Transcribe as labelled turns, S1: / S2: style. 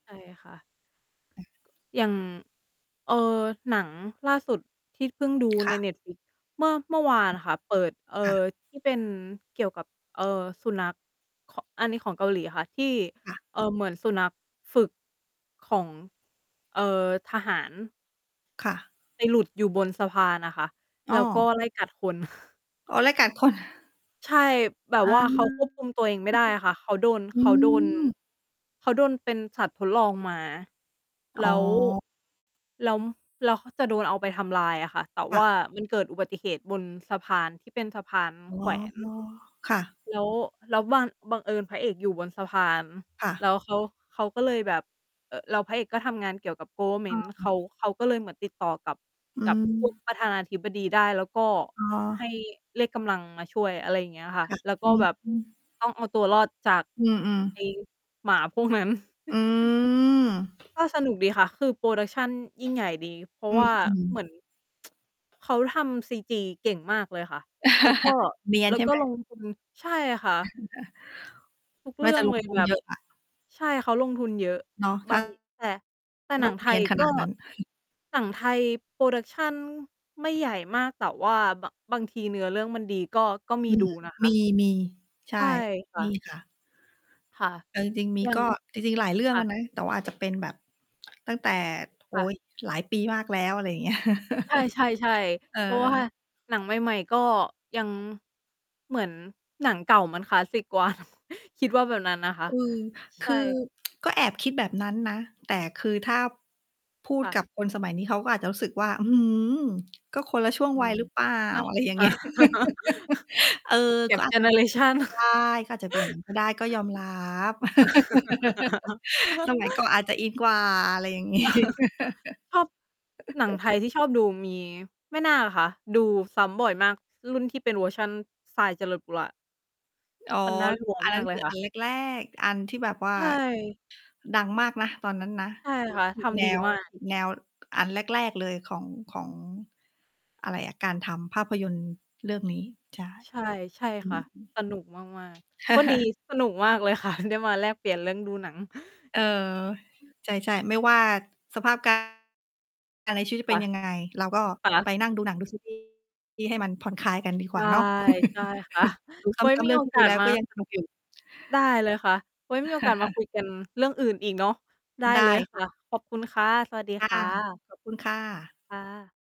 S1: ใช่ค่ะ
S2: อา
S1: อย่าง เอ่อ หนังล่าสุดที่เพิ่งดู
S2: ค
S1: ใน
S2: ่ะ
S1: Netflix เมื่อ เมื่อวา
S2: อ
S1: นค่ะ เปิด เอ่อ
S2: ค่ะ
S1: ที่ เป็นเกี่ยวกับ เอ่อ สุนัข ข อันนี้ของเกาหลีค่ะ ที่
S2: ค่ะ
S1: เอ่อ เหมือนสุนัขฝึกของ เอ่อ ทหาร
S2: ค่ะ
S1: ไปหลุดอยู่บนสะพานน่ะค่ะ
S2: อ้
S1: แล้วก
S2: อ
S1: ็ไล่กัด คน
S2: อ๋อ ไล่กัด คน
S1: ใช่ แบ
S2: อ
S1: บ
S2: า
S1: ว่า เขาควบคุมตัวเองไม่ได้อะค่ะ เขาโดน
S2: อ
S1: เข
S2: ื
S1: าโดน
S2: ม
S1: เขาโดนเป็นสัตว์ทดลองมา แ
S2: อ๋
S1: ล้ว
S2: อ
S1: แล้ว แล้วเขาจะโดนเอาไปทำลายอะค่ะ แต่
S2: ค่
S1: ว
S2: ะ
S1: ่ามันเกิดอุบัติเหตุบนสะพานที่เป็นสะพาน
S2: อ๋อ
S1: แขวน
S2: ค่ะ
S1: แล้ว แล้วบัง บังเอิญพระเอกอยู่บนสะพาน
S2: ค่ะ
S1: แล้วเขา เขาก็เลยแบบ เอ่อ แล้วพระเอกก็ทำงานเกี่ยวกับ
S2: อ
S1: government เ
S2: ื
S1: ข
S2: อ
S1: า เขาก็เลยเหมือนติดต่อกับ
S2: อื
S1: กับ พวก
S2: ม
S1: ประธานาธิบดีได้ แล้วก็
S2: อ๋อ
S1: ให้เรียกกำลังมาช่วย อะไรอย่างเงี้ยค่ะ
S2: ค่ะ
S1: แล้วก
S2: อ
S1: ็
S2: ื
S1: แบบ
S2: ม
S1: ต้องเอาตัวรอดจาก
S2: อือ
S1: ไอ้
S2: ๆ
S1: หมาพวกนั้น
S2: อืม
S1: ก็สนุกดีค่ะ คือ production ยิ่งใหญ่ดี เพรา
S2: อ
S1: ะ
S2: ื
S1: ว่า
S2: ม
S1: เหมือน
S2: ๆ
S1: เขาทำ CG เก่งมากเลยค่ะ แล้วก็
S2: เนียน
S1: แล้
S2: ใ
S1: ว
S2: ช่
S1: ก
S2: ไ
S1: ็
S2: หม?
S1: ลงทุน ใช่ค่ะ ทุก
S2: น
S1: เ
S2: ่
S1: รื
S2: า
S1: ่
S2: จ
S1: อ
S2: ะ
S1: ง
S2: ล
S1: เล
S2: ง
S1: ย
S2: ทุน
S1: แบ
S2: เ
S1: บ
S2: ยอะอะ
S1: ใช่ เขาลงทุนเยอะ
S2: เนาะ ถ
S1: บ
S2: ้า
S1: าง แต่ แต่หน
S2: ต
S1: ั
S2: ้อ
S1: ง
S2: ง
S1: ไท
S2: เนีย
S1: ย
S2: น ข
S1: ก
S2: น
S1: ็
S2: าดนั้น
S1: หนังไทย production ไม่ใหญ่มาก แต่ว่า บ บางทีเนื้อเรื่องมันดีก็ ก็ม
S2: อ
S1: ี
S2: ื
S1: ด
S2: ม
S1: ู นะคะ
S2: มี ๆ ใช
S1: ใ
S2: ่
S1: ช่ค่
S2: มี
S1: ะ
S2: ค่ะ
S1: ค่ะ
S2: เอาจริง ๆ มี
S1: อย่า
S2: ก
S1: ง
S2: ็ จริง ๆ หลายเรื่
S1: ค
S2: อง
S1: ่
S2: อะ
S1: ะ
S2: นะ แต่ว่าอาจจะเป็นแบบ ตั้งแต่ โอ
S1: ค
S2: ๊
S1: ่ะ
S2: ย หลายปีมากแล้ว อะไรอย่าง เงี้ย
S1: ใช่ ๆ
S2: เอ
S1: ๆ เพราะว่า
S2: อ
S1: หนังใหม่ ๆ ก็ยัง เหมือนหนังเก่ามันคลาสสิกกว่า นะ คิดว่าแบบนั้นนะคะ
S2: อืม ค
S1: ใช
S2: ือ
S1: ่
S2: ก็แอบคิดแบบนั้นนะ แต่คือถ้า พูด
S1: ค่
S2: กั
S1: ะ
S2: บคนสมัยนี้เขาก็อาจจะรู้สึกว่า อื้อฮือ ก็คนละช่วง
S1: อื
S2: วัย
S1: ม
S2: หรือเปล่า
S1: อ
S2: อะไรอย่าง
S1: อ
S2: เง
S1: า
S2: ี้ย เออ ก็
S1: gap
S2: อา
S1: เจ
S2: จจะ
S1: เน
S2: เ
S1: อ
S2: ป็
S1: เ
S2: น
S1: รชัน
S2: ไป ได้ ก็อาจจะเป็น อย่างนั้น ก็ได้ ก็ยอมรับ สมัยก่อนอาจจะอินกว่า อะไรอย่าง งี้
S1: ชอบ หนัง ไทยที่ชอบดูมี แม่นาคค่ะ ดูซ้ำบ่อยมาก รุ่นที่เป็นเวอร์ชัน ทราย เจริญปุระ
S2: อ๋อ
S1: มันน่า
S2: คื
S1: ก
S2: อ
S1: ลัว
S2: อัน
S1: ม
S2: น
S1: า
S2: ั้
S1: ก
S2: น
S1: เล
S2: ค
S1: ย
S2: ือ
S1: ค
S2: อ
S1: ่
S2: ั
S1: ะ
S2: นแรก ๆ อันที่แบบว่า
S1: ใช่
S2: ดังมากนะตอนนั้นนะ
S1: ใช่
S2: เหมื
S1: ค
S2: อน
S1: ่ะ
S2: ฉี
S1: ท
S2: ก แน
S1: ำดี
S2: ว
S1: มา
S2: ฉ
S1: ก
S2: ีก แนว อันแรก ๆ เลยของ ของ อะไรอะ การทำภาพยนตร์เรื่องนี้ ใช่
S1: ใช่ ใช่
S2: อื
S1: ค่
S2: ม
S1: ะ สนุกมาก ๆ วันนี้สนุกมาก เลยค่ะ ได้มาแลกเปลี่ยนเรื่องดูหนัง
S2: เออ ใช่ ๆ ไม่ว่าสภาพ การณ์ อะไรชีวิตจะ
S1: ค
S2: เป็
S1: ่
S2: น
S1: ะ
S2: ยังไง เราก็
S1: ค่
S2: ไ
S1: ะ
S2: ปนั่งดูหนังดู ซีรีส์ ให้มันผ่อนคลายกันดี
S1: ใ
S2: กว
S1: ช
S2: ่า
S1: ่
S2: เนาะ
S1: ใช่ ค่ะ
S2: ดูซ
S1: ไว้
S2: ้ำ ๆ
S1: ม
S2: เ
S1: ี
S2: รื่อ
S1: โ
S2: ง
S1: อ
S2: ที่
S1: ก
S2: ดู
S1: า
S2: แ
S1: ส
S2: ล้ว
S1: มา
S2: ก็ยังสนุกอยู่
S1: ได้เลยค่ะ ไว้มีโอกาสมาคุยกัน เรื่องอื่นอีกเนาะ ได้
S2: ได้
S1: เลยค
S2: ค่
S1: ่
S2: ะ
S1: ะ ขอบคุณค่ะ สวัสดี
S2: ค่
S1: ค
S2: ะ
S1: ่ะ
S2: ขอบคุณ ค่ะ
S1: ค่ะ